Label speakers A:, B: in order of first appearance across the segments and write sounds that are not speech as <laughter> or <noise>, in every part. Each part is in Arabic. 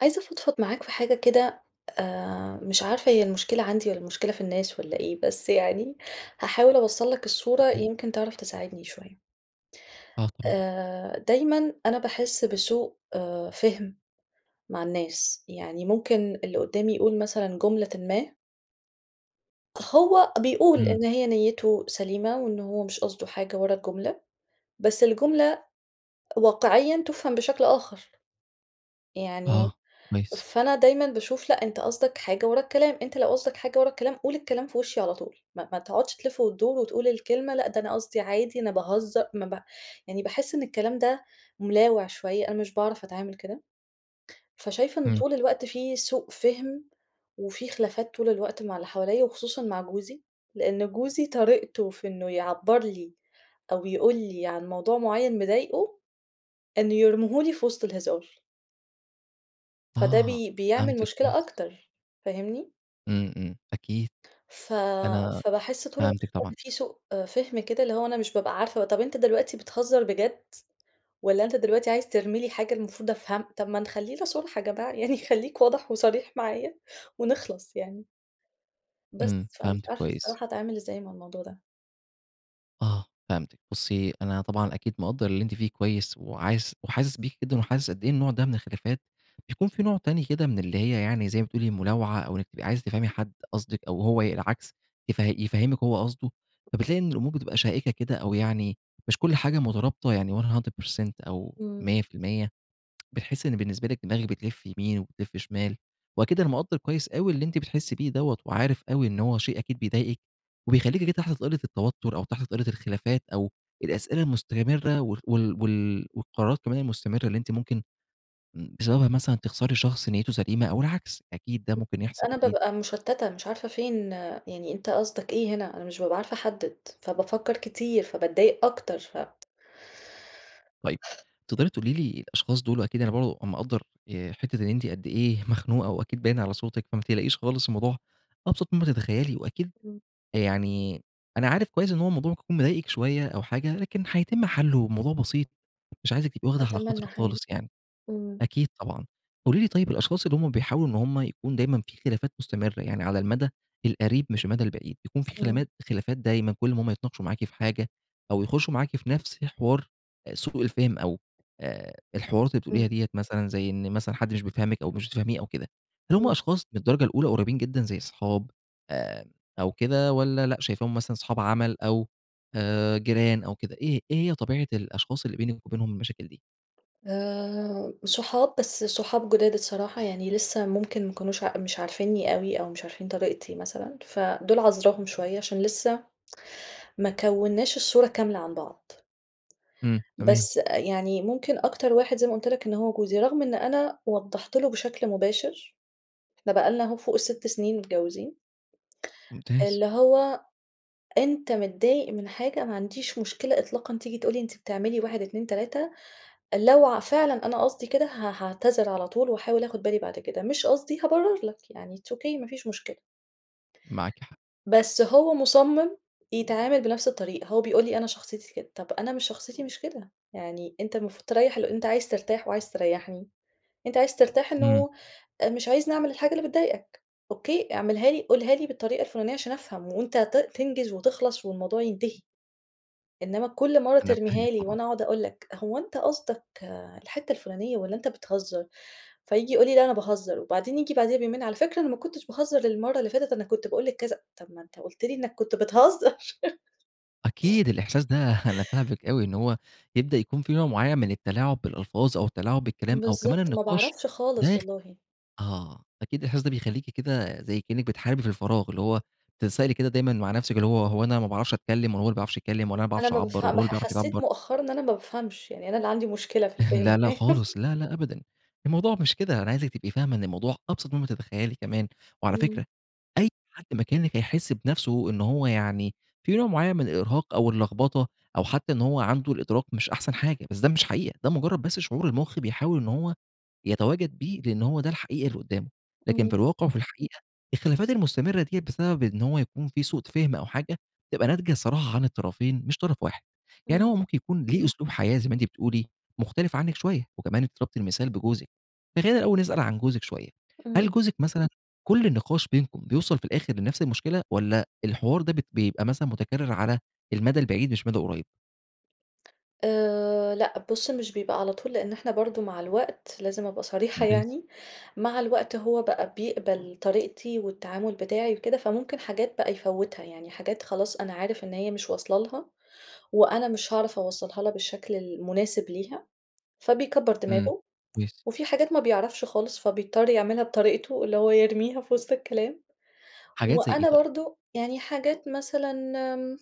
A: عايزة أفضفض معاك في حاجة كده آآ، مش عارفة هي المشكلة عندي والَّا المشكلة في الناس والَّا إيه؟! بس يعني هاحاول أوصّل لك الصورة
B: <unintelligible>
A: يمكن تعرف تساعدني شوية.
B: آه طبعًا.
A: آآ، دايمًا أنا باحس بسوء آآ، فِهم مع الناس، يعني ممكن اللي قدّامي يقول مثلًا جملةٍ ما هو بيقول
B: امم.
A: إن هي نيته سليمة وإن هو مش قصدُه حاجة ورا الجملة، بس الجملة واقعيًا تُفهم بشكل آخر، يعني
B: آه، كويس.
A: فأنا دايمًا باشوف لأ أنت قصدك حاجة ورا الكلام، أنت لو قصدك حاجة ورا الكلام قُل الكلام في وشي على طول ما ما تقعدش تلِّف و تدور، وتقول الكلمة لأ ده أنا قصدي عادي أنا باهزّر، ما ب يعني باحس إن الكلام ده ملاوع شوية، أنا مش باعرف أتعامل كده، فشايفة إن
B: امم.
A: طول الوقت فيه سوء فِهم، وفي خلافات طول الوقت مع اللي حواليَّا وخصوصًا مع جوزي، لإن جوزي طريقتُه في إنه يعبّر لي أو يقول لي عن موضوع معيّن مضايقُه، إنه يرميه لي في وسط الهزار. فده
B: آه،
A: بي بيعمل
B: فهمتِك،
A: مشكلة
B: كويس.
A: أكتر فاهمني؟
B: إمم، إمم أكيد،
A: ف
B: أنا
A: فباحس طول الوقت
B: فهمتِك طبعًا.
A: إن في سوء فهم كده، اللي هو أنا مش بابقى عارفة طَب أنت دلوقتي بتهزر بجد، والَّا أنت دلوقتي عايز ترمي لي حاجة المفروض أفهم طَب ما نخلينا صُرحا يا جماعة <chuckles> يعني خليك واضح وصريح معايا، ونخلَص يعني.
B: إمم،
A: بس، فمش
B: فهمتِك
A: عارفة
B: كويس.
A: الصراحة أتعامل إزاي مع الموضوع ده.
B: آه، فهمتِك بُصّي، أنا طبعًا أكيد مقدر اللي أنتِ فيه كويس، وعايز وحاسس بيكِ جدًا وحاسس قد إيه النوع ده من الخلافات، بيكون في نوع تاني كده من اللي هي يعني زي ما بتقولي ملاوعة، أو إنك تبقي عايزة تفهمي حد قصدِك أو هو ي العكس يف يفهّمِك هو قصده، فبتلاقي إن الأمور بتبقى شائكة كده أو يعني مش كل حاجة مترابطة يعني %100 أو
A: إمم.
B: 100% بتحسي إن بالنسبة لِك دماغي بتلّف يمين وبتلّف شمال، وأكيد أنا مقدّر كويس أوي اللي أنتِ بتحسي بيه دوَّة، وعارف أوي إن هو شيء أكيد بيضايقِك، وبيخليكِ كده تحت طائلة التوتر، أو تحت طائلة الخلافات، أو الأسئلة المستمرة و وال وال والقرارات كمان المستمرة اللي أنتِ ممكن م بسببها مثلًا تخسري شخص نيّتُه سليمة أو العكس، أكيد ده ممكن يحصل
A: أنا
B: أكيد.
A: بابقى مشتّتة مش عارفة فين يعني أنت قصدك إيه هنا أنا مش بابقى عارفة أحدّد، فبافكّر كتير فباتضايق أكتر ف
B: طيب، تقدري تقولي لي الأشخاص دول أكيد أنا برضه مقدّر آآ، حتّة إن أنتِ قد ايه مخنوقة وأكيد باين على صوتِك، فما تقلقيش خالص الموضوع أبسط ما تتخيلي، وأكيد
A: إمم.
B: يعني أنا عارف كويس إن هو الموضوع ممكن يكون مضايقِك شوية أو حاجة، لكن حيتم حلُّه، والموضوع بسيط مش عايزِك تبقي واخدة على
A: أتمنى
B: خاطرِك
A: حقيقي،
B: خالص يعني،
A: إمم.
B: أكيد طبعًا، قولي لي طيب الأشخاص اللي هم بيحاولوا إن هم يكون دايمًا في خلافات مستمرة، يعني على المدى القريب مش المدى البعيد، بيكون في
A: إمم.
B: خلامات خلافات دايمًا كلّ امّا هم يتناقشوا معاكِ في حاجة، أو يخشوا معاكِ في نفس حوار أ سوء الفهم أو آآ، الحوارات اللي بتقوليها
A: إمم.
B: ديَّة مثلًا زي إن مثلًا حد مش بيفهمِك أو مش بتفهميه أو كده، هل هم
A: إمم.
B: أشخاص من الدرجة الأولى قريبين جدًا زي صحاب آآ، أو كده والَّا لأ شايفاهم مثلًا صحاب عمل، أو آآ، جيران أو كده إيه إيه هي طبيعة الأشخاص اللي بينِك وبينهم المشاكل دي؟
A: آآ، صحاب بس صحاب جداد الصراحة يعني لسه ممكن ما كانوش مش عارفينّي أوي، أو مش عارفين طريقتي مثلًا، فدول عذراهم شوية عشان لسه ما كوّناش الصورة كاملة عن بعض.
B: إمم، تمام.
A: بس أ يعني ممكن أكتر واحد زيّ ما قلت لك إن هو جوزي، رغم إن أنا وضّحت له بشكل مباشر، إحنا بقى لنا أهو فوق ال6 سنين متجوزين.
B: ممتاز.
A: اللي هو أنت متضايق من حاجة ما عنديش مشكلة إطلاقًا تيجي تقول لي أنتِ بتعملي 1 2 3 لو ع فعلًا أنا قصدي كده ه هاعتذر على طول، وأحاول آخد بالي بعد كده، مش قصدي، هابرّر لك يعني it's Okay مافيش مشكلة.
B: معاكِ حق.
A: بس هو مصمِّم يتعامل بنفس الطريقة، هو بيقول لي أنا شخصيتي كده، طَب أنا مش شخصيتي مش كده، يعني أنت المفروض تريّح الل أنت عايز ترتاح وعايز تريّحني، أنت عايز ترتاح
B: إمم.
A: إنه مش عايزني أعمل الحاجة اللي بتضايقك، أوكي، اعملها لي قولها لي بالطريقة الفلانية عشان أفهم، وأنت ت تنجز وتِخلَص والموضوع ينتهي. إنّما كلّ مرّه
B: أنا فاهمِك
A: ترميها لي
B: طبعًا.
A: وأنا أقعد أقول لك هو أنتَ قصدك آآ، الحتّة الفلانية والَّا أنت بتهزّر؟ فييجي يقول لي لأ أنا باهزر، وبعدين ييجي بعديها بيومين، على فكرة أنا ما كنتش باهزر المرّه اللي فاتت، أنا كنت باقول لك كذا طَب ما أنت قلت لي إنك كنت بتهزّر. <laughs>
B: أكيد الإحساس ده <laughs> أنا فاهمِك أوي إن هو يبدأ يكون في نوع معيّن من التلاعب بالألفاظ أو التلاعب بالكلام، أو كمان
A: بالضبط، ما
B: النقاش
A: باعرفش خالص
B: ده خ
A: والله.
B: آه، أكيد الأحساس ده بيخليكِ كده زي كأنِّك بتحاربي في الفراغ، اللي هو بتتسائلي كده دايمًا مع نفسِك اللي هو هو أنا ما باعرفش أتكلّم والاَّ هو اللي مابيعرفش يتكلّم، والاَّ أنا ما
A: أنا
B: باعرفش
A: ما
B: أعبّر والاَّ
A: بافهم
B: هو
A: م ح
B: اللي بيعرف
A: حسّيت
B: يعبّر.
A: مؤخرًا إن أنا ما بافهمش، يعني أنا اللي عندي مشكلة في
B: <chuckles>
A: الفهم
B: لا، لا،
A: باين.
B: خالص
A: <laughs>
B: لا، لا أبدًا الموضوع مش كده، أنا عايزِِك تبقي فاهمة إن الموضوع أبسط مما تتخيلي كمان، وعلى فكرة
A: إمم.
B: أي حد مكانِك هيحس بنفسه إن هو يعني في نوع معيّن من الإرهاق أو اللخبطة أو حتى إن هو عنده الإدراك مش أحسن حاجة، بس ده مش حقيقة ده مجرد بس شعور المخ بيحاول إن هو يتواجد بيه، لإن هو ده الحقيقي اللي قدّامه، لكن في
A: إمم.
B: الواقع وفي الحقيقة، الخلافات المستمرة ديَّة بسبب إن هو يكون في سوء فهم أو حاجة تبقى ناتجة الصراحة عن الطرفين مش طرف واحد، يعني هو
A: إمم.
B: ممكن يكون ليه أسلوب حياة زي ما أنتِ بتقولي، مختلف عنك شوية وكمان أنتِ ضربتِ المثال بجوزك، فخلينا الأول نسأل عن جوزِك شوية، هل
A: إمم.
B: جوزِك مثلًا كل النقاش بينكم بيوصل في الآخر لنفس المشكلة، والاَّ الحوار ده بيت بيبقى مثلًا متكرّر على المدى البعيد مش مدى قريب؟
A: آآ، لأ بُصّ، مش بيبقى على طول لأن إحنا برضه مع الوقت لازم أبقى صريحة
B: ممتاز.
A: يعني، مع الوقت هو بقى بيقبل طريقتي والتعامل بتاعي وكده، فممكن حاجات بقى يفوّتها يعني حاجات خلاص أنا عارف إن هي مش واصلة لها وأنا مش هاعرف أوصّلها لها بالشكل المناسب ليها، فبيكبّر
B: إمم،
A: دماغه
B: كويس.
A: وفي حاجات ما بيعرفش خالص فبيضطّر يعملها بطريقتُه، اللي هو يرميها في وسط الكلام،
B: حاجات زي ايه
A: وأنا
B: طيب؟
A: برضه يعني حاجات مثلًا آمم،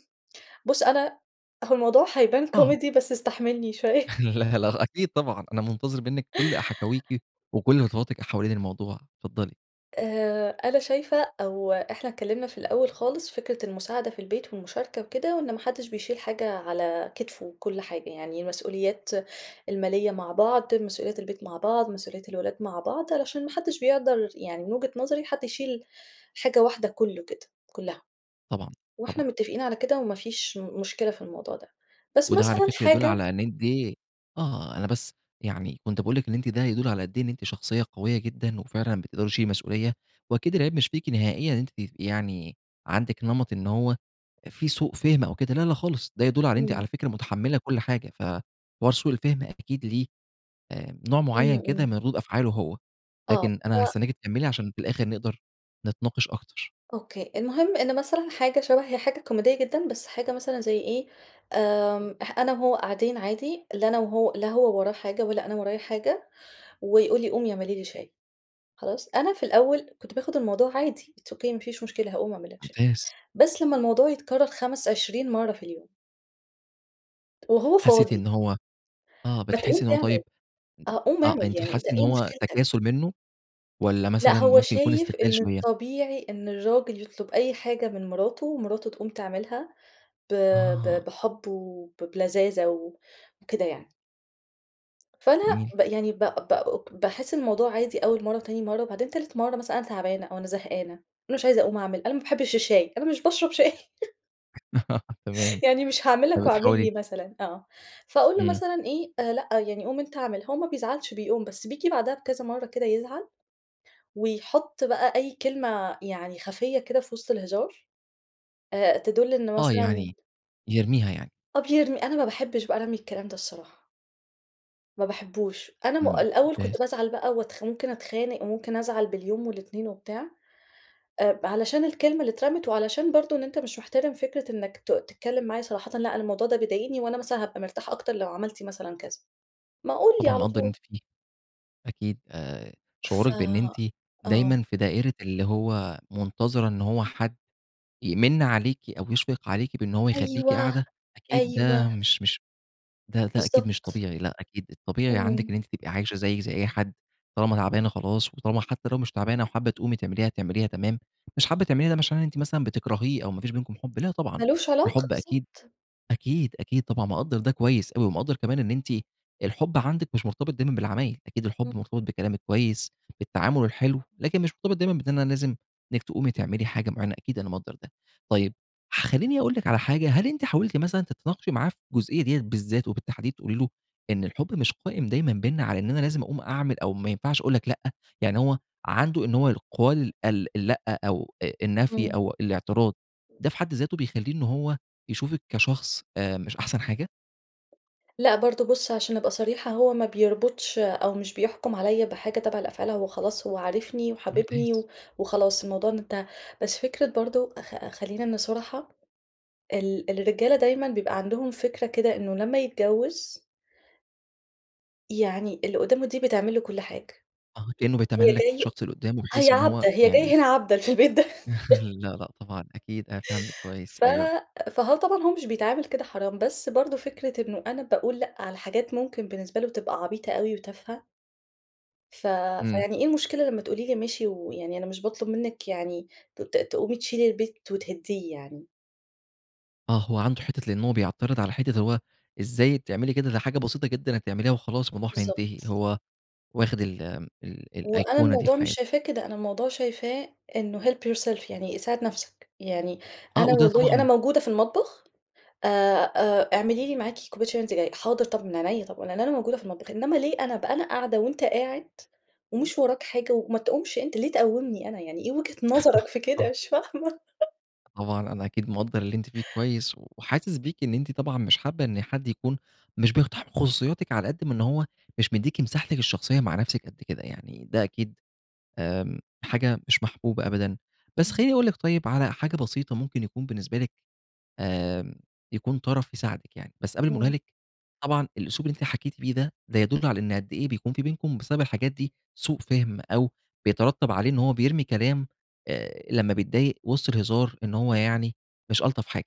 A: بُصّ أنا هو الموضوع هيبان
B: آه.
A: كوميدي بس استحملني شوية.
B: <laughs>
A: <laughs>
B: لا، لا، أكيد طبعًا أنا منتظر منِك كل حكاويكِ، وكل خطواتِك حوالين الموضوع، اتفضلي.
A: آآ، أنا شايفة أو إحنا تكلّمنا في الأول خالص فكرة المساعدة في البيت والمشاركة وكده، وإن ما حدش بيشيل حاجة على كتفُه كل حاجة، يعني المسؤوليات المالية مع بعض، مسؤوليات البيت مع بعض، مسؤوليات الولاد مع بعض، علشان ما حدش بيقدر يعني من وجهة نظري حد يشيل حاجة واحدة كلّه كده كلّها،
B: طبعًا،
A: وإحنا
B: طبعًا.
A: متفقين على كده وما فيش مشكلة في الموضوع ده، بس
B: وده على
A: مثلًا
B: فكرة يدل
A: حاجة
B: على إن <unintelligible> آه أنا بس يعني كنت باقول لِك إن أنتِ ده يدل على قد إيه أنتِ شخصية قوية جدًا، وفعلًا بتقدري تشيلي مسؤولية، وأكيد العيب مش فيكِ نهائيًا، أنتِ يعني عندِك نمَط إن هو في سوء فهم أو كده، لا، لا خالص ده يدل على أنتِ
A: إمم.
B: على فكرة متحمّلة كل حاجة ف حوار سوء الفهم أكيد ليه نوع
A: إمم،
B: معيّن كده من
A: إمم.
B: ردود أفعاله هو،
A: آه،
B: لكن أنا
A: هو
B: هاستناكِ تكملي عشان في الآخر نقدر نتناقش أكتر.
A: أوكي، المهم إن مثلًا حاجة شبه هي حاجة كوميدية جدًا، بس حاجة مثلًا زي إيه آآ، أنا وهو قاعدين عادي، لا أنا وهو لا هو وراه حاجة ولا أنا ورايا حاجة، ويقول لي قومي اعملي لي شاي، خلاص؟ أنا في الأول كنت باخد الموضوع عادي it's Okay ما فيش مشكلة، هاقوم أعمل لك شاي
B: ممتاز.
A: بس لمّا الموضوع يتكرّر خَمَس عشرين مرّة في اليوم. وهو
B: حسّيتِ
A: فاضي.
B: إن هو آه،
A: ما تقوم
B: بتحسّي إن هو
A: تعمل،
B: طيب
A: آه، قوم
B: آه،
A: أعمل
B: أنتِ
A: يعني أنتَ
B: بتحسّي إن
A: إيه
B: هو
A: مشكلتك؟
B: تكاسُل منه والّا
A: لأ
B: مثلًا
A: هو
B: ممكن يكون
A: شايف
B: استغلال
A: إن
B: شوية؟
A: الطبيعي إن الراجل يطلب أي حاجة من مراته، ومراته تقوم تعملها ب ب
B: آه.
A: بحب وب بلذاذه و وكده يعني. فأنا
B: جميل.
A: ب يعني ب ب باحسّ الموضوع عادي أول مرة وتاني مرة، وبعدين تالت مرة مثلًا أنا تعبانة أو أنا زهقانة، أنا مش عايزة أقوم أعمل أنا ما باحبش الشاي، أنا مش باشرب شاي. <chuckles>
B: <laughs> تمام،
A: <chuckles> يعني مش هاعمل لك واعمل لي
B: فبتحاولي
A: مثلًا آه، فأقول له
B: امم.
A: مثلًا إيه، آآ لأ، يعني قوم أنتَ أعمل هو ما بيزعلش بيقوم، بس بييجي بعدها بكذا مرة كده يزعل، ويحط بقى أي كلمة يعني خفية كده في وسط الهزار آآ، تدل إن
B: آه،
A: مثلًا
B: يعني يرميها يعني؟
A: آه بيرمي، أنا ما باحبش بقى رمي الكلام ده الصراحة. ما باحبوش، أنا م
B: امم،
A: الأول
B: ممتاز.
A: كنت بازعل بقى وأتخ ممكن أتخانق وممكن أزعل باليوم والاتنين وبتاع آآ، علشان الكلمة اللي اترمت وعلشان برضو إن أنتَ مش مِحترم فكرة إنك ت تتكلم معايا صراحةً، لأ، أنا الموضوع ده بيضايقني وأنا مثلًا هابقى مرتاح أكتر لو عملتِ مثلًا كذا، ما قُل لي
B: طبعًا
A: على
B: مقدّر اللي
A: طول.
B: أنتِ فيه، أكيد آآ،
A: ف
B: شعورِك بإن أنتِ دايمًا
A: آه.
B: في دائرة اللي هو منتظرة إن هو حد يمنّ عليكِ أو يشفق عليكِ بإن هو يخلّيكِ
A: أيوه،
B: قاعدة، أكيد ده
A: أيوه.
B: مش مش ده ده أكيد مش
A: بالضبط.
B: طبيعي لأ، أكيد الطبيعي عندك
A: إمم.
B: إن أنتِ تبقي عايشة زي زي أي حد طالما تعبانة خلاص، وطالما حتى لو مش تعبانة وحابة تقومي تعمليها تعمليها تمام، مش حابة تعمليها ده مش إن أنتِ مثلًا بتكرهيه أو ما فيش بينكم حب لأ، طبعًا
A: ما لوش علاقة
B: الحب أكيد
A: بالضبط.
B: أكيد، أكيد طبعًا مقدّر ده كويس أوي ومقدر كمان إن أنتِ الحب عندِك مش مرتبط دايمًا بالعمايل أكيد
A: ام
B: الحب مرتبط بالكلام الكويس بالتعامل الحلو، لكن مش مرتبط دايمًا بأننا لازم إنك تقومي تعملي حاجة معينة أكيد أنا مقدر ده. طيب خليني أقول لك على حاجة هل أنتِ حاولتِ مثلًا تتناقشي معاه في الجزئية ديّة بالذات، وبالتحديد تقولي له إن الحب مش قائم دايمًا بيننا على إن أنا لازم أقوم أعمل أو ما ينفعش أقول لك لأ، يعني هو عنده إن هو يقال ال اللأ أو أ النفي
A: امم.
B: أو الأعتراض ده في حد ذاته بيخليه إن هو يشوفك كشخص آآ، مش أحسن حاجة؟
A: لأ برضه بُصّ، عشان أبقى صريحة هو ما بيربطش أو مش بيحكم عليَّ بحاجة تابعة لأفعال هو خلاص هو عارفني وحاببني
B: ممتاز.
A: و وخلاص الموضوع ده انتهى، بس فكرة برضه أخ خلينا صُرحا، ال الرجالة دايمًا بيبقى عندهم فكرة كده إنه لمّا يتجوّز يعني اللي قدامه دي بتعمل له كل حاجة،
B: آه، كأنه
A: هي
B: بيتملّك
A: جاي
B: الشخص اللي قدّامه، بحيث
A: هي
B: إن
A: عبدة
B: هو
A: هي
B: يعني
A: جاية هنا عبدة في البيت ده.
B: <laughs>
A: <laughs>
B: لأ، لأ طبعًا أكيد، أنا فاهمكِ كويس،
A: ف
B: أيوه.
A: فهو طبعًا هو مش بيتعامل كده حرام، بس برضه فكرة إنه أنا باقول لأ على حاجات ممكن بالنسبة له تبقى عبيطة أوي وتافهة ف
B: امم.
A: فيعني إيه المشكلة لمّا تقولي لي ماشي ويعني أنا مش باطلب منك يعني ت ت تقومي تشيلي البيت وتهدّيه يعني.
B: آه، هو عنده حتّة لأن هو بيعترض على حتّة هو إزاي تعملي كده، دي حاجة بسيطة جدًا هتعمليها وخلاص الموضوع هينتهي،
A: بالضبط.
B: هو واخد ال ال
A: وأنا
B: الأيقونة دي في
A: الموضوع مش
B: حياته.
A: شايفاه كده، أنا الموضوع شايفاه إنه help yourself يعني ساعد نفسك، يعني
B: آه،
A: أنا
B: وده
A: والله أنا
B: طبعًا
A: موجودة في المطبخ آآ، آآ، اعملي لي معاكِ كوباية شاي وأنتِ جاية، حاضر طَب من عينيّا، طب لأن أنا موجودة في المطبخ، إنّما ليه أنا بقى أنا قاعدة وأنت قاعد، ومش وراك حاجة، وما تقومش أنت، ليه تقوّمني أنا، يعني إيه وجهة نظرك
B: <laughs>
A: في كده
B: صح.
A: مش فاهمة! <laughs>
B: طبعا أنا أكيد مقدر اللي أنت فيه كويّس، وحاسس بيكِ إن أنتِ طبعًا مش حابّة إن حد يكون مش بيقتحم خصوصياتِك على قد من إن هو مش بيديكِ مِساحتِك الشخصيّة مع نفسِك قد كده، يعني ده أكيد آمم، حاجة مش محبوبة أبدًا، بس
A: امم.
B: خلّيني أقول لِك طيّب على حاجة بسيطة ممكن يكون بالنسبة لِك آمم، يكون طرف يساعدِك يعني، بس قبل ما أقولها
A: امم.
B: لِك. طبعًا الأسلوب اللي أنتِ حكيتِ بيه ده ده يدل على إن قد إيه بيكون في بينكم بسبب الحاجات دي سوء فهم أو بيترتب عليه إن هو بيرمي كلام آآ، لمّا بيتضايق وسط الهزار إن هو
A: <unintelligible>
B: يعني مش ألطف حاجة،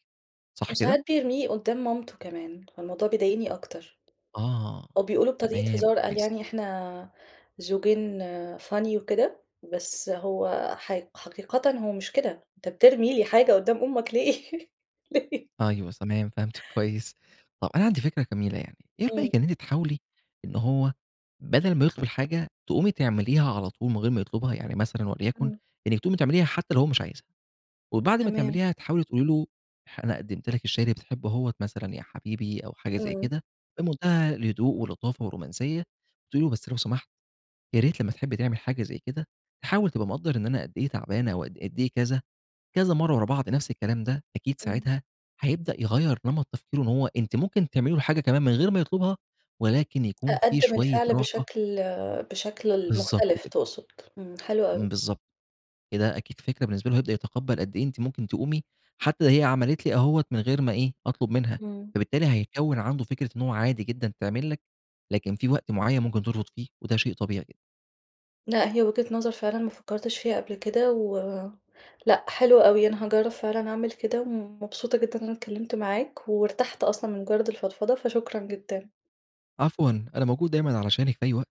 B: صح كده؟
A: وساعات بيرميه قدّام مامته كمان، فالموضوع بيضايقني أكتر.
B: آه،
A: هو بيقول له بطريقة
B: تمام،
A: هزار قال
B: كويس.
A: يعني إحنا آآ، زوجين Funny وكده بس هو حق حقيقة هو مش كده أنت بترمي لي حاجة قدّام أمُك ليه؟ <laughs> ليه؟
B: أيوه تمام، فهمتِك كويّس، طب أنا عندي فكرة جميله يعني، إيه
A: امم.
B: رأيِك إن أنتِ تحاولي إن هو بدل ما يطلب الحاجة، تقومي تعمليها على طول من غير ما يطلبها. يعني مثلًا وليكن
A: امم.
B: إنّك تقومي تعمليها حتّى لو هو مش عايزها، وبعد ما
A: تمام.
B: تعمليها تحاولي تقول لي له أنا ح قدمت لك الشاى اللي بتحبه أهوّة مثلًا يا حبيبي أو حاجة زي
A: امم.
B: كده، بمنتهى الهدوء واللطافه والرومانسيّة، بتقولي له بس لو سمحت يا ريت لمّا تحبّ تعمل حاجة زي كده تحاول تبقى مقدر إن أنا قد إيه تعبانة أو قد إيه كذا، كذا مرّة ورا بعض نفس الكلام ده، أكيد
A: امم.
B: ساعتها هيبدأ يغير نمط تفكيره إن هو أنتِ ممكن تعملي له حاجة كمان من غير ما يطلبها، ولكن يكون في
A: أقدم
B: شويّة
A: الفعل
B: راحة
A: بشكل بشكل
B: بالضبط
A: مُختلف
B: كده.
A: تقصد. امم، حلو أوي.
B: امم. بالضبط. كده أكيد فكرة بالنسبة له هيبدأ يتقبل قد إيه أنتِ ممكن تقومي حتّى هي عملت لي أهو من غير ما إيه، أطلب منها،
A: امم.
B: فبالتالي هيكون عنده فكرة إنّه عادي جدًا تعمل لك لكن في وقت معيّن ممكن ترفض فيه، وده شيء طبيعي جد
A: لأ هي وجهة نظر فعلًا ما فكرتش فيها قبل كده، و لأ حلوة أوي أنا هاجرّب فعلًا أعمل كده، ومبسوطة جدًا أنا اتكلّمت معاك، وارتحت أصلًا من مجرّد الفضفضة، فشكرا جدًا.
B: عفوًا. أنا موجود دايمًا علشانِك في أي وقت.